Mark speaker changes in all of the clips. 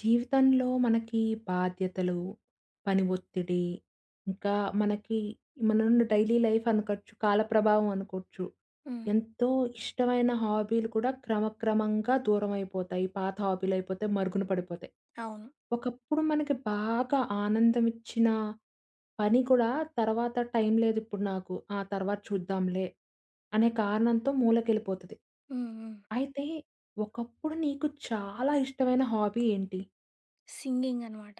Speaker 1: జీవితంలో మనకి బాధ్యతలు, పని ఒత్తిడి, ఇంకా మనకి మనమున్న డైలీ లైఫ్ అనుకోచ్చు, కాల ప్రభావం అనుకోవచ్చు
Speaker 2: హ్మ్.
Speaker 1: ఎంతో ఇష్టమైన హాబీలు కూడా క్రమక్రమంగా దూరమైపోతాయి. పాత హాబీలు అయిపోతయి, మరుగున పడిపోతాయి.
Speaker 2: అవును.
Speaker 1: ఒకప్పుడు మనకి బాగా ఆనందం ఇచ్చిన పని కూడా తర్వాత టైం లేదు ఇప్పుడు నాకు, ఆ! తర్వాత చూద్దాంలే, అనే కారణంతో మూలకెళ్ళిపోతది.
Speaker 2: హ్మ్, హ్మ్.
Speaker 1: అయితే, ఒకప్పుడు నీకు చాలా ఇష్టమైన హాబీ ఏంటి?
Speaker 2: సింగింగ్ అనమాట.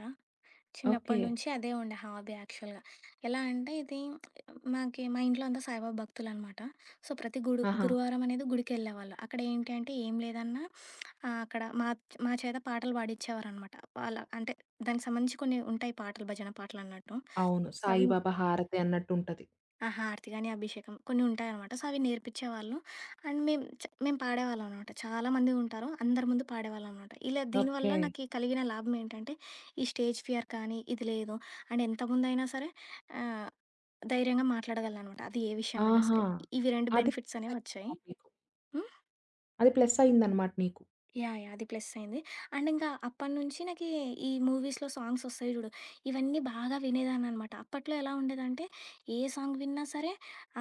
Speaker 1: ఓకె.
Speaker 2: చిన్నప్పటినుంచి అదే ఉండే హాబీ యాక్చువల్‌గ. ఎలా అంటే, ఇది మాకె మా ఇంట్లో అంతా సాయిబాబా భక్తులు అనమాట. సో ప్రతి గుడు
Speaker 1: ఆహా!
Speaker 2: గురువారం అనేది గుడికి ఎళ్ళేవాళ్ళు అక్కడ ఏంటి అంటే ఏం లేదన్నా, ఆహ్, అక్కడ మాచ్ మా చేత పాటలు పాడించేవారనమాట. వాళ్ళ అంటే, దానికి సంబంధించి కొన్ని ఉంటాయి పాటలు భజన పాటలు అన్నట్టు
Speaker 1: అవును
Speaker 2: అవి
Speaker 1: సాయిబాబా హారతి అన్నట్టుంటది.
Speaker 2: ఆ హారతి కానీ, అభిషేకం కొన్ని ఉంటాయి అనమాట. సో అవి నేర్పించేవాళ్ళు అండ్ మేము చ్ మేము పాడేవాళ్ళం అనమాట. చాలామంది ఉంటారు అందరి ముందు పాడేవాళ్ళం అనమాట. ఇలా దీనివల్ల
Speaker 1: ఓకె.
Speaker 2: నాకి కలిగిన లాభం ఏంటంటే, ఈ స్టేజ్ ఫియర్ కానీ, ఇది లేదు అండ్ ఎంత ముందైనా సరే ఆహ్, ధైర్యంగా మాట్లాడగలననమాట. అది ఏ విషయమైనా
Speaker 1: ఆహా!
Speaker 2: సరే, ఇవి 2
Speaker 1: అది
Speaker 2: బెనిఫిట్స్ అనేవి వచ్చాయి.
Speaker 1: [unintelligible]
Speaker 2: హ్మ్.
Speaker 1: అది ప్లస్సయ్యిందన్నమాట నీకు.
Speaker 2: యాహ్! యాహ్! అది ప్లస్సయింది అండ్ ఇంకా అప్పటినుంచి నాకి ఈ మూవీస్‌లో సాంగ్సొస్తాయి చూడు, ఇవన్నీ బాగా వినేదాన్ననమాట. అప్పట్లో ఎలా ఉండేదంటే, ఏ సాంగ్ విన్నా సరే,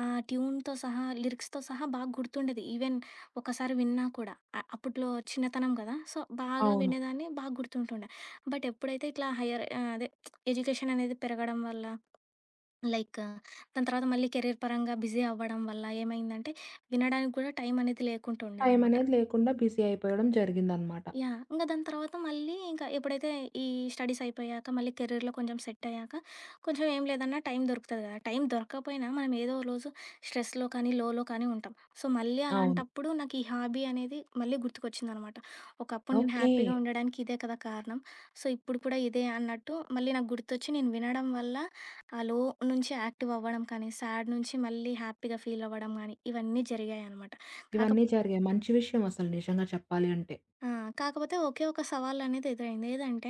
Speaker 2: ఆ ట్యూన్‌తో సహా, లిరిక్స్‌తో సహా బాగా గుర్తుండేది. ఈవెన్ ఒకసారి విన్నా కూడా. అ అప్పట్లో చిన్నతనం కదా సో, బాగా
Speaker 1: అవును.
Speaker 2: వినేదాన్ని. బాగా గుర్తుంటుండే. బటెప్పుడైతే ఇట్లా హైయర్ ఆహ్, అదే ఎడ్యుకేషననేది పెరగడం వల్ల, లైక్ దాని తర్వాత, మళ్ళీ కెరీర్ పరంగా బిజీ అవ్వడం వల్ల, ఏమైందంటే వినడానికి కూడా టైమనేది లేకుండా ఉండే అనమాట.
Speaker 1: టైమనేది లేకుండా బిజీ అయిపోవడం జరిగిందన్నమాట.
Speaker 2: యాహ్! ఇంగ దాని తర్వాత మళ్ళీ ఇంకా ఎప్పుడైతే ఈ స్టడీసయిపోయాక, మళ్ళీ కెరీర్‌లో కొంచెం సెట్టయ్యాక, కొంచెం ఏం లేదన్నా టైం దొరుకుతుంది కదా. టైం దొరక్కపోయినా మనం ఏదో ఒక రోజు స్ట్రెస్‌లో కానీ, లోలో కానీ ఉంటాం. సో, మళ్ళీ
Speaker 1: అవును.
Speaker 2: అలాంటప్పుడు నాకు ఈ హాబీ అనేది మళ్ళీ గుర్తుకొచ్చిందనమాట. ఒకప్పుడు నేను
Speaker 1: ఓకె.
Speaker 2: హ్యాపీగా ఉండడానికి ఇదే కదా కారణం. సో, ఇప్పుడు కూడా ఇదే అన్నట్టు, మళ్ళీ నాకు గుర్తొచ్చి నేను వినడం వల్ల, ఆ లో నుంచి యాక్టివవ్వడం కానీ, సాడ్ నుంచి మళ్ళీ హ్యాపీగా ఫీలవ్వడం గానీ, ఇవన్నీ జరిగాయనమాట.
Speaker 1: ఇవన్నీ
Speaker 2: కాకపోతె
Speaker 1: జరిగాయి. మంచి విషయమసలు నిజంగా చెప్పాలి అంటే.
Speaker 2: ఆ! కాకపోతే ఓకె ఒక సవాలనేది ఎదురైంది. ఏదంటే,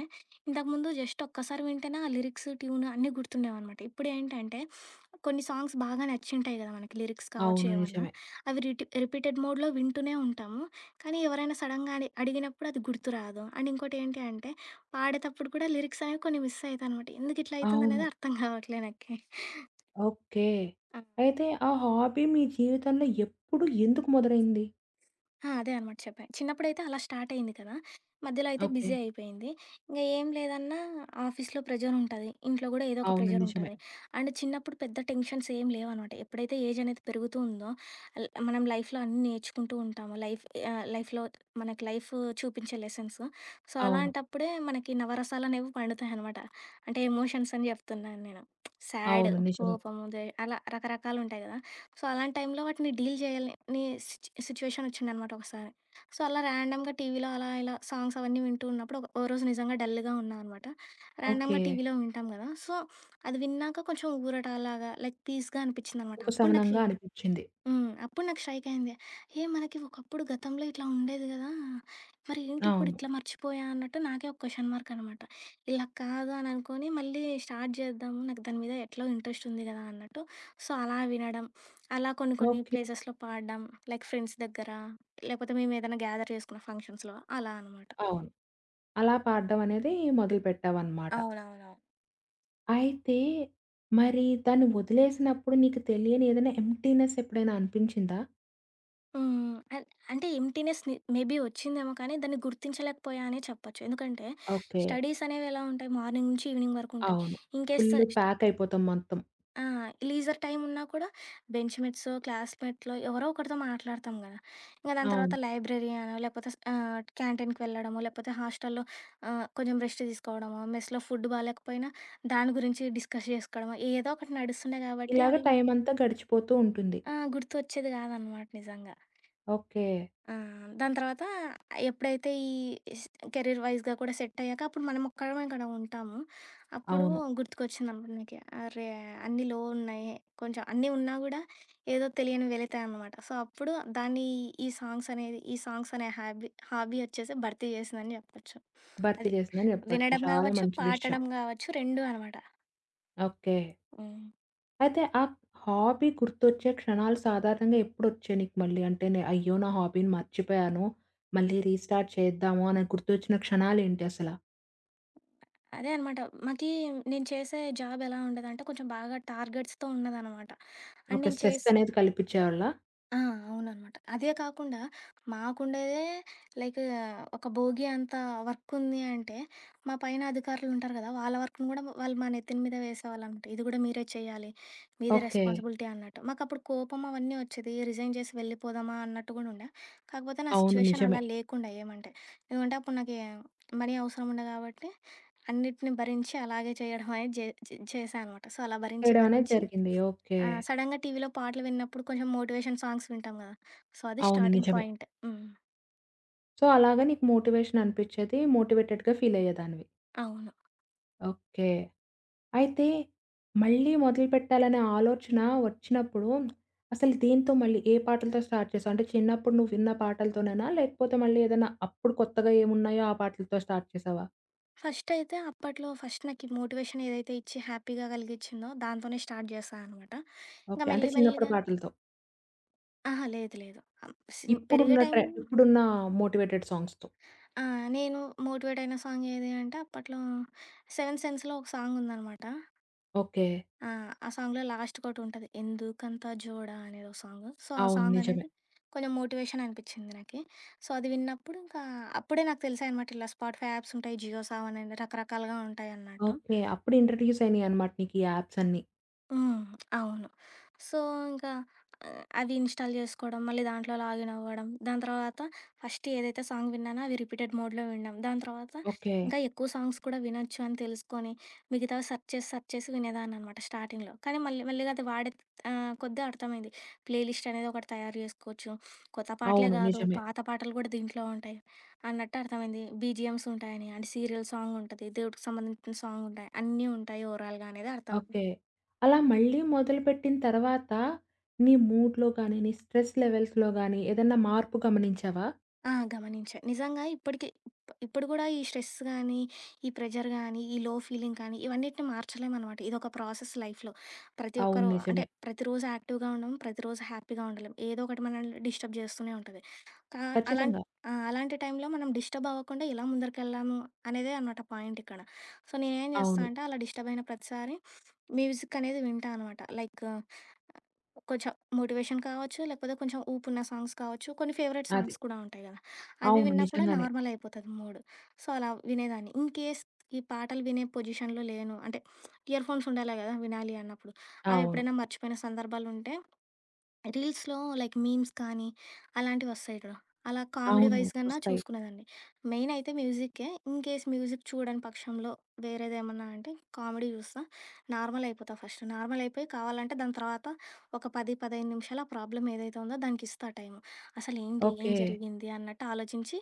Speaker 2: ఇంతకుముందు జస్టొక్కసారి వింటేనే ఆ లిరిక్స్, ట్యూను, అన్నీ గుర్తుండేవనమాట. ఇప్పుడేంటంటే, కొన్ని సాంగ్స్ బాగా నచ్చుంటాయి కద మనకి లిరిక్స్ కావచ్చు,
Speaker 1: అవును.
Speaker 2: ఏమన్నా.
Speaker 1: నిజమే.
Speaker 2: అవి రిటి రిపీటెడ్ మోడ్‌లో వింటూనే ఉంటాము. కానీ ఎవరైనా సడెన్‌గా అడి అడిగినప్పుడు అది గుర్తురాదు. అండ్ ఇంకోటి ఏంటి అంటే, పాడేటప్పుడు కూడా లిరిక్సనేవి కొన్ని మిస్ అయితా అనమాట. ఎందుకు ఇట్లా
Speaker 1: అవును.
Speaker 2: అవుతుందనేది అర్థం కావట్లేదు నాకి.
Speaker 1: ఓకె. అయితే, ఆ హాబీ మీ జీవితంలో ఎప్పుడు, ఎందుకు మొదలైంది?
Speaker 2: ఆ! అదే అనమాట చెప్పా. చిన్నప్పుడైతే అలా స్టార్టయింది కదా! మధ్యలో అయితే
Speaker 1: ఓకె.
Speaker 2: బిజీ అయిపోయింది. ఇంగ ఏం లేదన్నా ఆఫీస్‌లో ప్రెజరుంటాది, ఇంట్లో కూడా ఏదో ఒక
Speaker 1: అవును. నిజమే.
Speaker 2: ప్రెజరుంటాది. అండ్ చిన్నప్పుడు పెద్ద టెన్షన్స్ ఏం లేవనమాట. ఎప్పుడైతే ఏజ్ అనేది పెరుగుతూ ఉందో అల్ మనం లైఫ్‌లో అన్నీ నేర్చుకుంటూ ఉంటాము. లైఫ్, ఆహ్, లైఫ్‌లో మనకి లైఫు చూపించే లెసన్స్. సో
Speaker 1: అవును.
Speaker 2: అలాంటప్పుడే, మనకి నవరసాలనేవి పండుతాయనమాట. అంటే ఎమోషన్స్ అని చెప్తున్నాను నేను. సాడు,
Speaker 1: అవును. నిజమే.
Speaker 2: కోపము దే అలా రకరకాలుంటాయి కదా. సో, అలాంటి టైంలో వాటిని డీల్ చేయాలని సిట్ సిట్యుయేషనొచ్చిందనమాట ఒకసారి. సో, అలా ర్యాండమ్‌గా టీవీలో అలా ఇలా సాంగ్సవన్నీ వింటూ ఉన్నప్పుడు, ఒక ఒకరోజు నిజంగా డల్‌గా ఉన్నాననమాట. ర్యాండమ్‌గా
Speaker 1: ఓకె.
Speaker 2: టీవీలో వింటాం కదా, సో అది విన్నాక కొంచెం ఊరట లాగా, లైక్ పీస్‌గా అనిపించిందనమాట. అప్పుడు
Speaker 1: ఉపశమనంగా
Speaker 2: నాకీ
Speaker 1: అనిపించింది.
Speaker 2: హ్మ్, అప్పుడు నాకు స్ట్రైక్ అయింది, ఏ మనకి ఒకప్పుడు గతంలో ఇట్లా ఉండేది గదా! మరి ఏంటి ఇప్పుడు
Speaker 1: అవును.
Speaker 2: ఇట్లా మర్చిపోయా అన్నట్టు నాకే ఒక క్వెశ్చన్ మార్క్ అనమాట. ఇలా కాదు అని అనుకోని, మళ్ళీ స్టార్ట్ చేద్దాము, నాకు దాని మీద ఎట్లో ఇంట్రెస్టుంది కదా అన్నట్టు. సో అలా వినడం. అలా కొన్ని, కొన్ని
Speaker 1: ఓకె.
Speaker 2: ప్లేసెస్‌లో పాడడం లైక్ ఫ్రెండ్స్ దగ్గర, లేకపోతే మేము ఏదైనా గ్యాదర్ చేసుకున్న ఫంక్షన్స్‌లో అలా అనమాట.
Speaker 1: అవును. అలా పాడడం అనేది మొదలుపెట్టామనమాట.
Speaker 2: అవునవునవును.
Speaker 1: అయితే, మరి దాన్ని ఒదిలేసినప్పుడు నీకు తెలియని ఏదన్నా ఎంప్టీనెస్ ఎప్పుడైనా అనిపించిందా?
Speaker 2: హ్మ్. అల్ అంటే, ఎంప్టీనెస్ ని మేబీ ఒచ్చిందేమో కానీ, దాన్ని గుర్తించలేకపోయా అనే చెప్పచ్చు. ఎందుకంటే,
Speaker 1: ఓకే.
Speaker 2: స్టడీసనేవెలా ఉంటాయి, మార్నింగ్ నుంచి ఈవినింగ్ వరకుంటాయి.
Speaker 1: అవును.
Speaker 2: ఇన్‌కేస్
Speaker 1: ఫుల్లు ప్యాకయిపోతాం మొత్తం.
Speaker 2: ఆ! లీజర్ టైమున్నా కూడా బెంచ్ మేట్సో, క్లాస్‌మేట్లో, ఎవరో ఒకరితో మాట్లాడతాము గదా! ఇంగ దాని తర్వాత
Speaker 1: అవును.
Speaker 2: లైబ్రరీ అనో, లేపోతే స్ ఆహ్, క్యాంటీన్‌కి వెళ్లడమో, లేపోతే హాస్టల్లో ఆహ్, కొంచెం రెస్ట్ తీసుకోడమో, మెస్‌లో ఫుడ్డు బాలేకపోయినా, దాని గురించి డిస్కస్ చేసుకోడమో, ఏదో ఒకటి నడుస్తుండే గాబట్టి
Speaker 1: ఇలాగా
Speaker 2: అవీ
Speaker 1: టైమంతా గడిచిపోతూ ఉంటుంది.
Speaker 2: ఆ! గుర్తొచ్చేది గాదనమాట నిజంగా.
Speaker 1: ఓకే.
Speaker 2: ఆ! దాని తర్వాతా ఆహ్, ఎప్పుడైతే ఈ ఇస్ కెరీర్ వైజ్‌గా కూడా సెట్టయ్యాక, అప్పుడు మనమొక్కరమే ఇక్కడ ఉంటాము. అప్పుడూ
Speaker 1: అవును.
Speaker 2: గుర్తుకొచ్చిందమ్మను నాకే. 'అరే, అన్నీ లో ఉన్నాయే. కొంచెం అన్నీ ఉన్నా గూడా ఏదో తెలియని వెలితే అనమాట. సో, అప్పుడు దాన్నీ ఈ సాంగ్సనేది, ఈ సాంగ్సనే హాబీ, హాబీ ఒచ్చేసి భర్తీ జేసిందని జెప్పచ్చు
Speaker 1: భర్తీ
Speaker 2: అది.
Speaker 1: జేసిందని జెప్పచ్చు.
Speaker 2: వినడం
Speaker 1: చాలా
Speaker 2: గావచ్చు
Speaker 1: మంచి విషయం.
Speaker 2: పాడటం గావచ్చు. రెండూ అనమాట.
Speaker 1: ఓకే.
Speaker 2: హ్మ్.
Speaker 1: అయితే, ఆ హాబీ గుర్తొచ్చే క్షణాలు సాధారణంగా ఎప్పుడొచ్చాయి నీకు మళ్ళీ? అంటే, నే అయ్యో! నా హాబీని మర్చిపొయ్యాను. మళ్ళీ రీస్టార్ట్ చేద్దాము అనని గుర్తొచ్చిన క్షణాలేంటి అసల?
Speaker 2: అదే అనమాట మాకి నేను చేసే జాబ్ ఎలా ఉండేదంటే కొంచెం బాగా టార్గెట్స్‌తో ఉన్నదనమాట అండ్
Speaker 1: ఓకె.
Speaker 2: నేను చేసి
Speaker 1: స్ట్రెసనేది కల్పిచేవాళ్ళ?
Speaker 2: ఆ! అవుననమాట. అదే కాకుండా మాకుండేదే, లైకు ఒక భోగీ అంత వర్కుంది అంటే మా పైన అధికారులు ఉంటారు గదా! వాళ్ళ వర్క్‌ని కూడా వాళ్ళు మా నెత్తిని మీద వేసేవాళ్ళు ఇది కూడా మీరే చేయాలి, మీదే
Speaker 1: ఓకె.
Speaker 2: రెస్పాన్సిబిలిటీ అన్నట్టు, మాకప్పుడు కోపం అవన్నీ వచ్చేది. రిజైన్ చేసి వెళ్ళిపోదామా అన్నట్టు కూడా ఉండే. కాకపోతే నా
Speaker 1: అవును
Speaker 2: సిట్యుయేషన్
Speaker 1: నిజమే.
Speaker 2: అలా లేకుండే ఏమంటే. ఏమంటే అప్పుడు నాకి మనీ అవసరం ఉండె గాబట్టి అన్నిటిని భరించి అలాగే చేయడమని జె చె చేశా అనమాట. సో అలా భరించి
Speaker 1: చేయడం అనేది
Speaker 2: భరించి
Speaker 1: జరిగింది. ఓకె.
Speaker 2: ఆహ్, సడెన్‌గా టీవీలో పాటలు విన్నప్పుడు కొంచెం మోటివేషన్ సాంగ్స్ వింటాం కదా! సో, అది
Speaker 1: అవును
Speaker 2: స్టార్టింగ్
Speaker 1: నిజమే.
Speaker 2: పాయింట్. హ్మ్.
Speaker 1: సో, అలాగా నీకు మోటివేషన్ అనిపించేది మోటివేటెడ్‌గా ఫీలయ్యేదానివి.
Speaker 2: అవును.
Speaker 1: ఓకె. అయితే మళ్ళీ మొదలుపెట్టాలనే ఆలోచన వచ్చినప్పుడు, అసలు దేనితో మళ్ళీ ఏ పాటలతో స్టార్ట్ చేసావు? అంటే చిన్నప్పుడు నువ్వు విన్న పాటలతోనేనా? లేకపోతే మళ్ళీ ఏదైనా అప్పుడు కొత్తగా ఏమున్నాయో ఆ పాటలతో స్టార్ట్ చేసావా?
Speaker 2: ఫస్టయితే అప్పట్లో ఫస్ట్ నాకీ మోటివేషనేదైతే ఇచ్చి హ్యాపీగా గలిగించిందో దాంతోనే స్టార్ట్ జేశా అనమాట. ఇంగ
Speaker 1: ఓకె. అంటే
Speaker 2: మెల్లి మెల్లిగ
Speaker 1: చిన్నప్పుడు పాటలతో.
Speaker 2: ఆహా! లేదు. లేదు. అం స్ పెరిగే
Speaker 1: ఇప్పుడున్న
Speaker 2: టైమ్
Speaker 1: ట్రె ఇప్పుడున్న మోటివేటెడ్ సాంగ్స్‌తో?
Speaker 2: ఆ! నేను మోటివేట్ అయిన సాంగేది అంటే అప్పట్లో 'సెవెన్త్ సెన్స్‌' లో ఒక సాంగుందనమాట.
Speaker 1: ఓకె.
Speaker 2: ఆ! ఆ సాంగ్‌లో లాస్ట్‌కి ఒకటుంటది. 'ఎందుకంత జోడా' అనేదో సాంగు. సో, ఆ
Speaker 1: అవును నిజమే.
Speaker 2: సాంగనేది కొంచెం మోటివేషననిపిచ్చింది నాకీ. సో, అది విన్నప్పుడు ఇంకా అప్పుడే నాకు తెలిసాయి అనమాట. ఇలా స్పాటిఫై యాప్స్ ఉంటాయి. జియో సావన్ అని రకరకాలుగా ఉంటాయన్నట్టు.
Speaker 1: ఓకె. అప్పుడు ఇంట్రడ్యూస్ అయినాయనమాట నీకీ యాప్స్ అన్నీ.
Speaker 2: హ్మ్. అవును. సో, ఇంకా అవి ఇ‌న్‌స్టా‌ల్ చేసుకోడం మళ్ళీ దాంట్లో లాగినవ్వడం. దాని తర్వాత ఫస్ట్ ఏదైతే సాంగ్ విన్నానో అవి రిపీటెడ్ మోడ్‌లో విన్నాం దాని తర్వాత
Speaker 1: ఓకె.
Speaker 2: ఇంకా ఎక్కువ సాంగ్స్ కూడా వినొచ్చని తెలుసుకొని మిగతావి సెర్చ్ చేసి సెర్చ్ చేసి వినేదాన్ననమాట. స్టార్టింగ్‌లో కానీ మళ్ళీ మెల్లిగా అది వాడే ఆహ్, కొద్దిగా అర్థమైంది. ప్లే లిస్టనేది ఒకటి తయారు చేసుకోవచ్చు. కొత్త పాటలే
Speaker 1: అవును
Speaker 2: గాదు
Speaker 1: నిజమే.
Speaker 2: పాత పాటలు కూడా దీంట్లో ఉంటాయి. అన్నట్టర్థమైంది బిజీఎమ్స్ ఉంటాయని, అంటే సీరియల్ సాంగుంటది దేవుడికి సంబంధించిన సాంగుంటాయి అన్నీ ఉంటాయి ఓవరాల్‌గా అనేది అర్థమయింది.
Speaker 1: ఓకె. అలా మళ్ళీ మొదలుపెట్టిన తరువాత నీ మూడ్‌లో గానీ, నీ స్ట్రెస్ లెవెల్స్‌లో గాని ఏదైనా మార్పు గమనించావా?
Speaker 2: ఆ! గమనించా. నిజంగా ఇప్పటికి ఇప్పుడు గూడా ఈ స్ట్రెస్ గానీ ఈ ప్రెజర్ గానీ ఈ లో ఫీలింగ్ కానీ ఇవన్నిటిని మార్చలేం అనమాట. ఇదొక ప్రాసెస్ లైఫ్‌లో. ప్రతి
Speaker 1: అవును
Speaker 2: ఒక్కరు అంటే
Speaker 1: నిజమే.
Speaker 2: ప్రతిరోజు యాక్టివ్‌గా ఉండం. ప్రతిరోజు హ్యాపీగా ఉండలేం. ఏదోకటి మనల్ని డిస్టర్బ్ జేస్తూనే ఉంటది. కా అలాం
Speaker 1: ఖచ్చితంగా.
Speaker 2: ఆ! అలాంటి టైమ్‌లో మనం డిస్టర్బవ్వకుండా ఎలా ముందరికెళ్లాము అనేదే అనమాట పాయింటిక్కడ. సో, నేనేం జేస్తా
Speaker 1: అవును.
Speaker 2: అంటే అలా డిస్టర్బ్ అయిన ప్రతిసారి మ్యూజిక్కనేది వింటా అనమాట. లైకు కొంచెం మోటివేషన్ కావచ్చు, లేపోతే కొంచెం ఊపున్న సాంగ్స్ కావచ్చు కొన్ని ఫేవరెట్ సాంగ్స్
Speaker 1: అది.
Speaker 2: కూడా ఉంటాయి కదా! అవి
Speaker 1: అవును
Speaker 2: విన్నా కూడా
Speaker 1: నిజంగానే.
Speaker 2: నార్మలయిపోతది మూడు. సో, అలా వినేదాన్ని ఇన్‌కేస్ ఈ పాటలు వినే పొజిషన్‌లో లేను అంటే ఇయర్ ఫోన్స్ ఉండాలి కదా! వినాలి అన్నప్పుడు
Speaker 1: అవును.
Speaker 2: అవెప్పుడైనా మర్చిపోయిన సందర్భాలుంటే రీల్స్‌లో లైక్ మీమ్స్ కానీ అలాంటివి వస్తాయి చూడు అలా కామెడీ
Speaker 1: అవును.
Speaker 2: వైజ్ కన్నా
Speaker 1: వస్తాయి.
Speaker 2: చూసుకునేదాన్ని. మెయినయితే మ్యూజిక్కే. ఇన్‌కేస్ మ్యూజిక్ చూడని పక్షంలో వేరేదేమన్నా అంటే కామెడీ చూస్తా. నార్మలయిపోతా ఫస్టు. నార్మలయిపోయి కావాలంటే దాని తర్వాత ఒక 10, 15 నిమిషాలు ఆ ప్రాబ్లమ్ ఏదైతే ఉందో దానికిస్తా టైం. అసలేంటి, ఏం
Speaker 1: ఓకె.
Speaker 2: జరిగింది అన్నట్టు ఆలోచించి.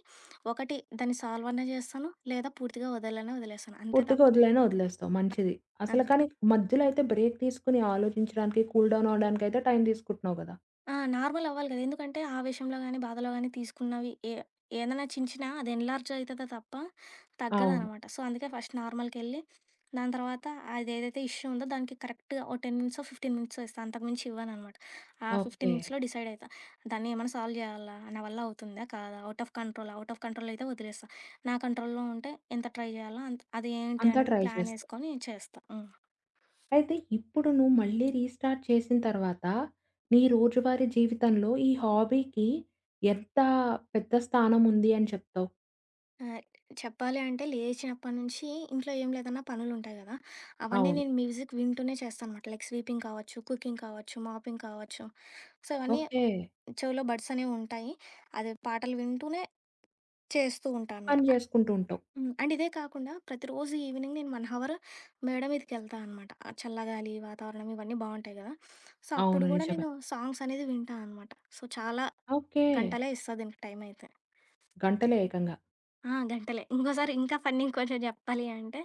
Speaker 2: ఒకటి దాన్ని సాల్వన్న జేస్తాను, లేదా పూర్తిగా వదలనే వదిలేస్తాను అంతే
Speaker 1: పూర్తిగా
Speaker 2: తప్ప
Speaker 1: వదిలైనా, వదిలేస్తావు. మంచిది. అసల
Speaker 2: అంతే.
Speaker 1: కానీ మధ్యలో అయితే బ్రేక్ తీసుకొని ఆలోచించడానికి కూల్ డౌన్ అవ్వడానికి అయితే టైం తీసుకుంటున్నావు కదా!
Speaker 2: ఆ! నార్మలవ్వాలి గదా! ఎందుకంటే, ఆవేషంలో గానీ, బాధలో గానీ, తీసుకున్నవి ఏ ఏదన్నా చించినా, అది ఎన్‌లార్జయితదే తప్ప
Speaker 1: అవును.
Speaker 2: తగ్గదనమాట. సో, అందుకే ఫస్ట్ నార్మల్‌కెళ్ళి, దాని తర్వాత అదేదైతే ఇష్యూ ఉందో, దానికి కరెక్ట్‌గా ఓ 10 మినిట్సో, 15 మినిట్సో ఇస్తా, అంతకుమించి ఇవ్వననమాట. ఆ 15
Speaker 1: ఓకే.
Speaker 2: మినిట్స్‌లో డిసైడయితా. దాన్ని ఏమన్నా సాల్వ్ జెయ్యాలా, నా వల్లవుతుందా, కాదా? Out of control, out of కంట్రోలయితే ఒదిలేస్తా. నా కంట్రోల్‌లో ఉంటే, ఎంత ట్రై జెయ్యాల్నో అంత్ అది ఏంటి
Speaker 1: అంతా
Speaker 2: అనేది
Speaker 1: ట్రై చేస్తావు.
Speaker 2: ప్లానేసుకొని చేస్తా. హ్మ్.
Speaker 1: అయితే, ఇప్పుడు నువ్వు మళ్ళీ రీస్టార్ట్ చేసిన తర్వాతా, నీ రోజువారీ జీవితంలో ఈ హాబీకి ఎంత పెద్ద స్థానముంది అని చెప్తావు?
Speaker 2: ఆహ్, చెప్పాలి అంటే లేచినప్పటనుంచి ఇంట్లో ఏం లేదన్నా పనులుంటాయి గదా! అవన్నీ
Speaker 1: అవును.
Speaker 2: నేను మ్యూజిక్ వింటూనే చేస్తానమాట లైక్ స్వీపింగ్ కావచ్చు, కుకింగ్ కావచ్చు, మాపింగ్ కావచ్చు. సో, అవన్నీ
Speaker 1: ఓకే.
Speaker 2: చెవులో బడ్సనేవుంటాయి. అది పాటలు వింటూనే చేస్తూ ఉంటానమాట.
Speaker 1: పని
Speaker 2: అ
Speaker 1: జేసుకుంటూ ఉంటావు.
Speaker 2: హ్మ్. అండ్ ఇదే కాకుండా, ప్రతిరోజు ఈవినింగ్ నేను 1 హవర్ మేడ మీదకెళ్తా అనమాట, చల్లగాలి, వాతావరణం ఇవన్నీ బావుంటాయి గదా! సో,
Speaker 1: అవును.
Speaker 2: అప్పుడు గూడా
Speaker 1: నిజమే.
Speaker 2: నేను సాంగ్సనేది వింటా అనమాట. సో, చాలా
Speaker 1: ఓకే.
Speaker 2: గంటలే ఇస్తా దీనికి టైమయితే.
Speaker 1: గంటలే ఏకంగా.
Speaker 2: ఆ! గంటలే. ఇంకోసారి ఇంకా ఫన్నీ కొంచెం చెప్పాలి అంటే,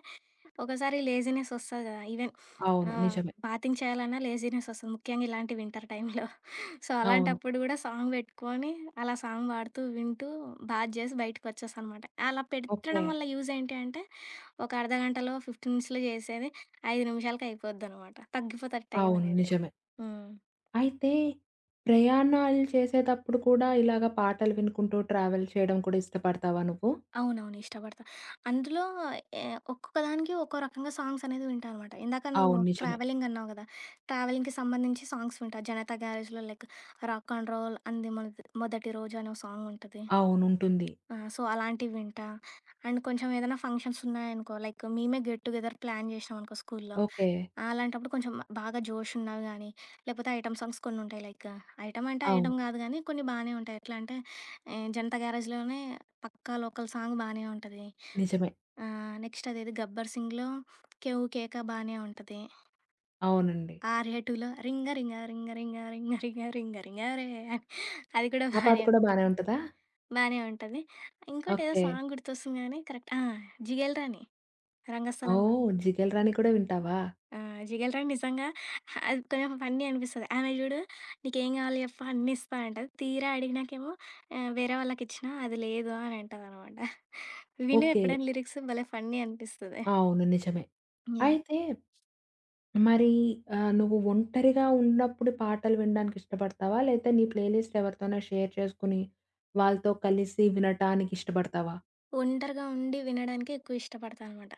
Speaker 2: ఒకోసారి లేజీనెస్ ఒస్తది కదా! ఈవెన్
Speaker 1: అవును
Speaker 2: ఆహ్
Speaker 1: నిజమే.
Speaker 2: బాతింగ్ చేయాలన్నా లేజీనెస్ ఒస్తది. ముఖ్యంగా ఇలాంటి వింటర్ టైమ్‌లో. సో,
Speaker 1: అవును.
Speaker 2: అలాంటప్పుడు గూడా సాంగ్ పెట్టుకొని అలా సాంగ్ పాడుతూ వింటూ బాత్ జేసి బయటికి వచ్చేస్తాననమాట. అలా పెట్టడం
Speaker 1: ఓకె.
Speaker 2: వల్ల యూజేంటి అంటే ఒక అర్ధగంటలో 15 మినిట్స్‌లో చేసేది, 5 నిమిషాలకయిపోద్దనమాట. తగ్గిపోతుంది
Speaker 1: అవును
Speaker 2: టైమనేది.
Speaker 1: నిజమే.
Speaker 2: హ్మ్.
Speaker 1: అయితే ప్రయాణాలు చేసేతప్పుడు కూడా ఇలాగ పాటలు వినుకుంటూ ట్రావెల్ చేయడం కూడా ఇష్టపడతావా నువ్వు?
Speaker 2: అవునవును ఇష్టపడతాను. అందులో ఎ ఒక్కొక్క దానికి ఒక్కో రకంగా సాంగ్సనేది వింటా అనమాట. ఇందాక నువ్వు
Speaker 1: అవును నిజమే.
Speaker 2: ట్రావెలింగ్ అన్నావు గదా! ట్రావెలింగ్‌కి సంబంధించి సాంగ్స్ వింటా. 'జనతా గ్యారేజ్‌' లో లైక్ 'రాక్ అండ్ రోల్ అంది మొనటి మొదటి రోజు' అని ఒక సాంగుంటది
Speaker 1: అవునుంటుంది.
Speaker 2: ఆ! సో, అలాంటివి వింటా. అండ్ కొంచెం ఏదైనా ఫంక్షన్స్ ఉన్నాయనుకో లైక్ మేమే గెట్ టు గెదర్ ప్లాన్ జేశామనుకో స్కూలులో.
Speaker 1: ఓకె.
Speaker 2: అలాంటప్పుడు కొంచెం బాగా జోషున్నని గాని లేపోతే ఐటెమ్ సాంగ్స్ కొన్ని ఉంటాయి లైక్ ఐటెమ్ అంటే
Speaker 1: అవును.
Speaker 2: ఐటం గాదు గానీ కొన్ని బానే ఉంటాయి. ఎట్లా అంటే హ్మ్ 'జనతా గ్యారేజ్' లోనే 'పక్కా లోకల్' సాంగ్ బానే ఉంటది.
Speaker 1: నిజమే.
Speaker 2: ఆహ్, నెక్స్ట్ అదేది 'గబ్బర్ సింగ్‌' లో 'కెవ్వు కేక' బానే ఉంటది.
Speaker 1: అవునండి.
Speaker 2: 'ఆర్య 2' లో రింగా రింగా రింగా రింగా రింగా రింగా రింగ రింగ రే అది కూడా
Speaker 1: ఆ పాట
Speaker 2: బానే
Speaker 1: కూడా బానే
Speaker 2: ఉంటది.
Speaker 1: ఉంటదా?
Speaker 2: బానే ఉంటది. ఇంకోటేదో
Speaker 1: ఓకె.
Speaker 2: సాంగ్ గుర్తొస్తుంది గానీ కరెక్ట్ ఆ! 'జిగేల్ రాణి' 'రంగస్థలం' లో.
Speaker 1: ఓహ్! 'జిగేల్ రాణి' కూడా వింటావా?
Speaker 2: ఆ! 'జిగేల్ రాణి' నిజంగా అది కొంచెం ఫన్నీ అనిపిస్తది. ఆమె చూడు నీకేం కావాలి జెప్పు అన్నిస్తా అంటది. తీరా అడిగినాకేమో, ఆహ్, వేరే వాళ్ళకిచ్చినా అది లేదు అని అంటదనమాట. విను
Speaker 1: ఓకె.
Speaker 2: ఎప్పుడైనా లిరిక్సు భలే ఫన్నీ అనిపిస్తది.
Speaker 1: అవును నిజమే.
Speaker 2: యాహ్!
Speaker 1: అయితే మరి ఆహ్, నువ్వు ఒంటరిగా ఉన్నప్పుడు పాటలు వినడానికి ఇష్టపడతావా లేతే నీ ప్లే లిస్ట్ ఎవరితోన్న షేర్ చేసుకొని, వాళ్ళతో కలిసి వినటానికిష్టబడతావా?
Speaker 2: ఒంటరిగా ఉండి వినడానికే ఎక్కువ ఇష్టపడతానమాట.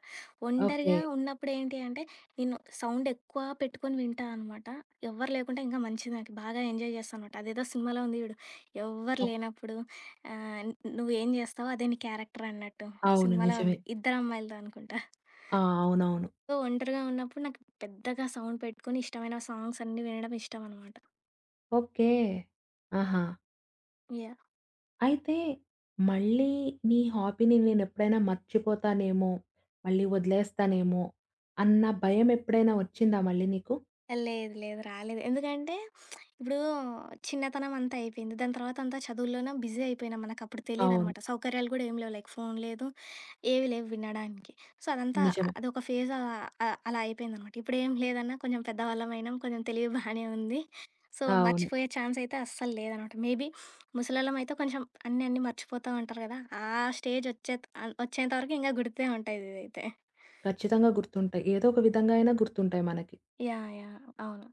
Speaker 2: ఒంటరిగా
Speaker 1: ఓకే.
Speaker 2: ఉన్నప్పుడు ఏంటి అంటే, నేను సౌండెక్కువా పెట్టుకొని వింటా అనమాట. ఎవ్వరు లేకుంటే ఇంకా మంచిది నాకీ. బాగా ఎంజాయ్ జేస్తానమాట. అదేదో సినిమాలో ఉంది జూడు, ఎవ్వరు
Speaker 1: ఓహ్!
Speaker 2: లేనప్పుడు ఆహ్, న్ నువ్వేం జేస్తావో అదే నీ క్యారెక్టరన్నట్టు ఒక
Speaker 1: అవును.
Speaker 2: సినిమాలో
Speaker 1: నిజమే.
Speaker 2: ఉంది. 'ఇద్దరు అమ్మాయిలతో' అనుకుంటా.
Speaker 1: ఆ! అవునవును.
Speaker 2: సో, ఒంటరిగా ఉన్నప్పుడు నాకు పెద్దగా సౌండ్ పెట్టుకొని, ఇష్టమైన సాంగ్సన్నీ వినడం ఇష్టమనమాట.
Speaker 1: ఓకే. ఆహా!
Speaker 2: యాహ్!
Speaker 1: అయితే, మళ్ళీ నీ హాబీని నేనెప్పుడైనా మర్చిపోతానేమో, మళ్ళీ ఒదిలేస్తానేమో అన్న భయమెప్పుడైనా ఒచ్చిందా మళ్ళీ నీకు?
Speaker 2: ఏ లేదు, లేదు, రాలేదు. ఎందుకంటే, ఇప్పుడూ చిన్నతనమంతా అయిపోయింది. దాని తర్వాతంతా చదువులోనా బిజీ అయిపోయినాం, మనకప్పుడు
Speaker 1: అవును.
Speaker 2: తెలీదనమాట. సౌకర్యాలు గూడా ఏమీ లేవు లైక్ ఫోను లేదు, ఏవీ లేవు వినడానికి. సో, అదంతా
Speaker 1: నిజమే.
Speaker 2: అదొక ఫేజా అ అలా అయిపోయిందనమాట. ఇప్పుడేం లేదన్నా కొంచెం పెద్దవాళ్ళవయినాం, కొంచెం తెలివి బానే ఉంది. సో,
Speaker 1: అవును.
Speaker 2: మర్చిపోయే ఛాన్సయితే అస్సలు లేదనమాట. మేబీ ముసలోళ్ళమయితే కొంచెం అన్నీ అన్నీ మర్చిపోతాం అంటారు గదా! ఆ స్టేజొచ్చే త్ ఆహ్, ఒచ్చేంతవరకు ఇంగ గుర్తే ఉంటదిదైతే.
Speaker 1: ఖచ్చితంగా గుర్తుంటయి. ఏదో ఒక విధంగా అయినా గుర్తుంటాయి మనకి.
Speaker 2: యాహ్! యాహ్! అవును.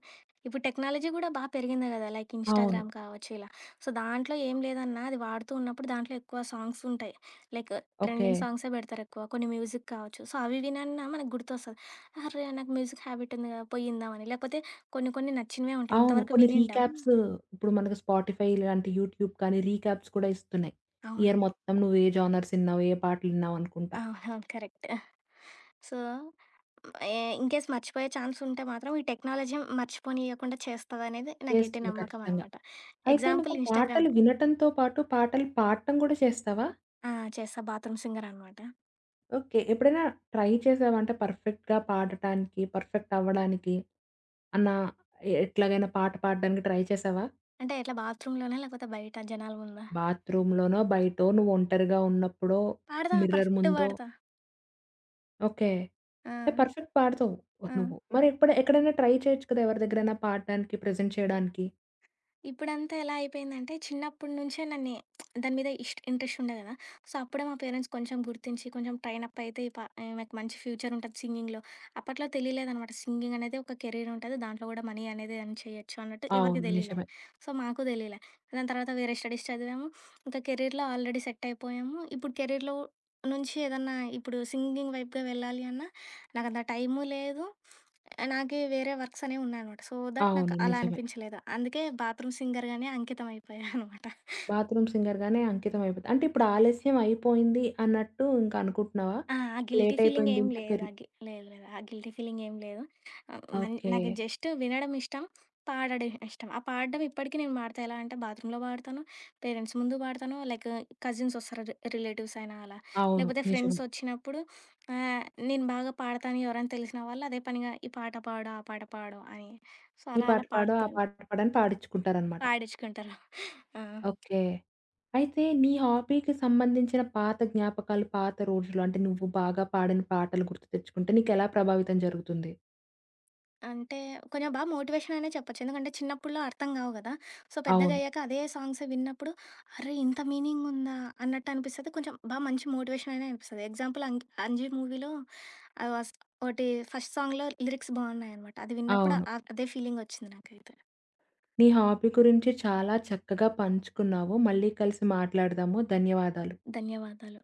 Speaker 2: ఇప్పుడు టెక్నాలజీ గూడా బా పెరిగింది గదా! లైక్
Speaker 1: అవును.
Speaker 2: ఇన్‌స్టాగ్రామ్ కావచ్చు ఇలా. సో, దాంట్లో ఏం లేదన్నా అది వాడుతూ ఉన్నప్పుడు, దాంట్లో ఎక్కువ సాంగ్సుంటాయి లైక్ ట్రెండింగ్
Speaker 1: ఓకే.
Speaker 2: సాంగ్సే పెడతారెక్కువ. కొన్ని మ్యూజిక్ కావచ్చు. సో, అవి వినన్నా మనకు గుర్తొస్తది, అర్రే! నాకు మ్యూజిక్ హ్యాబిట్టుంది గదా పోయ్యిందామని, లేపోతే కొన్ని కొన్ని నచ్చినవే ఉంటాయి
Speaker 1: అవును.
Speaker 2: ఇంతవరకు
Speaker 1: కొన్ని
Speaker 2: వినిండం.
Speaker 1: రీక్యాప్సు ఇప్పుడు మనకి స్పాటిఫై, ఇలాంటి యూట్యూబ్ కానీ, రీక్యాప్స్ కూడా ఇస్తున్నాయి. ఇయర్
Speaker 2: అవును.
Speaker 1: మొత్తం నువ్వు ఏ జోనర్సిన్నావు, ఏ పాటలిన్నావనుకుంటా.
Speaker 2: ఆహా! కరెక్ట్. ఆ! సో, హ్మ్. ఏ ఇన్‌కేస్ మర్చిపోయే ఛాన్సుంటే మాత్రం ఈ టెక్నాలజీ మర్చిపోనియ్యకుండా చేస్తదనేదే నా గట్టి
Speaker 1: చేస్తుంది ఖచ్చితంగా.
Speaker 2: నమ్మకమనమాట.
Speaker 1: అయితే,
Speaker 2: ఎగ్జాంపుల్
Speaker 1: నువ్వు
Speaker 2: ఇన్‌స్టాగ్రామ్.
Speaker 1: పాటలు వినటంతో పాటు, పాటలు పాడటం గూడా చేస్తావా?
Speaker 2: ఆ! చేస్తా బాత్రూమ్ సింగరనమాట.
Speaker 1: ఓకే. ఎప్పుడైనా ట్రై చేశావా? అంటే పర్ఫెక్ట్‌గా పాడటానికి, పర్ఫెక్ట్ అవ్వడానికి అన్న ఎ ఎట్లాగైనా పాట పాడడానికి ట్రై చేశావా?
Speaker 2: అంటే, ఎట్లా బాత్‌రూమ్‌ లోనా, లేకపోతే బయట జనాల ముందా?
Speaker 1: బాత్‌రూమ్‌ లోనో, బయటో, నువ్వు ఒంటరిగా ఉన్నప్పుడో,
Speaker 2: పాడతా
Speaker 1: మిర్రర్
Speaker 2: పర్ఫెక్ట్‌గా
Speaker 1: ముందో.
Speaker 2: పాడతా.
Speaker 1: ఓకే.
Speaker 2: ఆ!
Speaker 1: అంటే పర్ఫెక్ట్ పాడతావు
Speaker 2: ఆ!
Speaker 1: నువ్వు. మరి ఎప్ ఎక్కడైనా ట్రై చేయొచ్చు కదా, ఎవరి దగ్గరైనా పాడడానికి, ప్రెజెంట్ చేయడానికి.
Speaker 2: ఇప్పుడంతా ఎలా అయిపోయిందంటే, చిన్నప్పటి నుంచే నన్ని దాని మీద ఇస్ట్ ఇంట్రెస్టుండేది గదా! సో, అప్పుడే మా పేరెంట్స్ కొంచెం గుర్తించి, కొంచెం ట్రైన్ అప్ అయితే ఈ ప ఈమెకు మంచి ఫ్యూచరుంటది సింగింగ్‌లో. అప్పట్లో తెలియలేదనమాట. సింగింగనేది ఒక కెరీరుంటది దాంట్లో కూడా మనీ అనేది ఎర్న్ చేయొచ్చు అన్నట్టు ఎవరికీ
Speaker 1: అవును.
Speaker 2: తెలీలే.
Speaker 1: నిజమే.
Speaker 2: సో, మాకు తెలియలే. దాని తర్వాత వేరే స్టడీస్ చదివాము, ఇంకా కెరీర్‌లో ఆల్రెడీ సెట్టైపోయాము. ఇప్పుడు కెరీర్‌లో నుంచి ఏదన్నా ఇప్పుడు సింగింగ్ వైపుగా వెళ్ళాలి అన్నా, నాకు అంత టైము లేదు, నాకే వేరే వర్క్సనేవి ఉన్నాయనమాట. సో, థట్ నాకు
Speaker 1: అవును.
Speaker 2: అలా
Speaker 1: నిజమే.
Speaker 2: అనిపించలేదు. అందుకే బాత్‌రూమ్‌ సింగర్‌గానే అంకితం అయిపోయాననమాట.
Speaker 1: బాత్‌రూమ్‌ సింగర్ గానే అంకితం అయిపోతు. అంటే ఇప్పుడు ఆలస్యం అయిపోయింది, అన్నట్టు ఇంక అనుకుంటున్నావా?
Speaker 2: ఆ! గిల్టీ
Speaker 1: లేటైపోయింది
Speaker 2: ఫీలింగేం
Speaker 1: ఇంకా
Speaker 2: లేదు. ఆ
Speaker 1: కెర్రి
Speaker 2: గి లేదు, లేదు. ఆ గిల్టీ ఫీలింగేం లేదు. ఆహ్, హ్మ్. మన్ నాకు
Speaker 1: ఓకే.
Speaker 2: జస్టు వినడం ఇష్టం. పాడడం ఇష్టం. ఆ పాడడం ఇప్పటికి నేను పాడతా. ఎలా అంటే, బాత్‌రూమ్‌లో పాడతాను, పేరెంట్స్ ముందు పాడతాను, లైకు కజిన్సొస్తారు, రి రిలేటివ్స్ అయినా, అలా
Speaker 1: అవును.
Speaker 2: లేకపోతే
Speaker 1: నిజమే.
Speaker 2: ఫ్రెండ్సొచ్చినప్పుడు, ఆహ్, నేను బాగా పాడతాను ఎవరైనా తెలిసిన వాళ్ళు, అదే పనిగా ఈ పాట పాడు, ఆ పాట పాడు అని సో,
Speaker 1: ఈ
Speaker 2: అలా,
Speaker 1: పాట
Speaker 2: అలా
Speaker 1: పాడు, ఆ
Speaker 2: పాడుతు
Speaker 1: పాట పాడని పాడించుకుంటారన్నమాట.
Speaker 2: పాడించుకుంటారు. ఆ!
Speaker 1: ఓకే. అయితే, నీ హాబీ‌కి సంబంధించిన పాత జ్ఞాపకాలు, పాత రోజులు, అంటే నువ్వు బాగా పాడిన పాటలు గుర్తుతెచ్చుకుంటే, నీకెలా ప్రభావితం జరుగుతుంది?
Speaker 2: అంటే, కొంచెం బాగా మోటివేషననే చెప్పొచ్చు. ఎందుకంటే, చిన్నప్పట్లో అర్థం కావు కదా! సో, పెద్దగ
Speaker 1: అవును.
Speaker 2: అయ్యాక అదే సాంగ్స్ విన్నప్పుడు, అరె! ఇంత మీనింగుందా అన్నట్టు అనిపిస్తది కొంచెం బాగా మంచి మోటివేషననే అనిపిస్తది. ఎగ్జాంపుల్ అంక్ 'అంజి' మూవీలో, ఆహ్, వాస్ ఒకటి ఫస్ట్ సాంగ్‌లో లిరిక్స్ బాగున్నాయనమాట. అది విన్నప్పుడు
Speaker 1: అవును.
Speaker 2: అ అదే ఫీలింగొచ్చింది నాకైతే.
Speaker 1: నీ హాబీ గురించి చాలా చక్కగా పంచుకున్నావు, మళ్ళీ కలిసి మాట్లాడదాము. ధన్యవాదాలు.
Speaker 2: ధన్యవాదాలు.